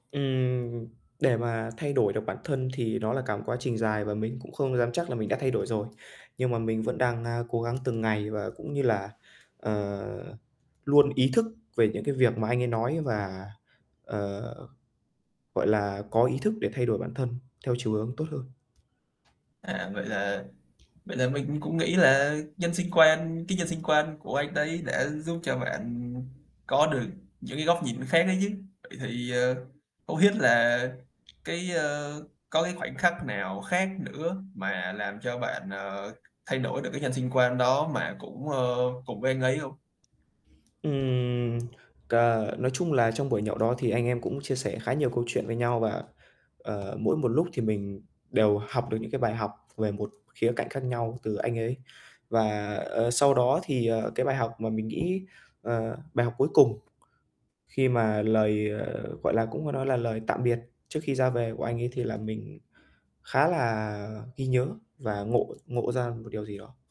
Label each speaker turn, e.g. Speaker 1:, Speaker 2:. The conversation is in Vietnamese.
Speaker 1: Ừm, để mà thay đổi được bản thân thì nó là cả một quá trình dài và mình cũng không dám chắc là mình đã thay đổi rồi. Nhưng mà mình vẫn đang, a, cố gắng từng ngày và cũng như là, ờ, luôn ý thức về những cái việc mà anh ấy nói và, ờ, gọi là, có ý thức để thay đổi bản thân theo chiều hướng tốt hơn.
Speaker 2: À, vậy là vậy là mình cũng nghĩ là nhân sinh quan, cái nhân sinh quan của anh đấy đã giúp cho bạn có được những cái góc nhìn khác đấy chứ. Vậy thì, ờ, không biết là cái, ờ, có cái khoảnh khắc nào khác nữa mà làm cho bạn, ờ, thay đổi được cái nhân sinh quan đó mà cũng, ờ, cùng với anh ấy hông?
Speaker 1: Ừm, c ờ, nói chung là trong buổi nhậu đó thì anh em cũng chia sẻ khá nhiều câu chuyện với nhau và, ờ, mỗi một lúc thì mình đều học được những cái bài học về một khía cạnh khác nhau từ anh ấy. Và, ờ, sau đó thì, ờ, cái, bài học mà mình nghĩ, ờ, bài học cuối cùng khi mà lời, ờ, gọi là, cũng có nói là lời tạm biệt trước khi ra về của anh ấy thì là mình khá là ghi nhớ và ngộ ngộ ra một điều gì đó.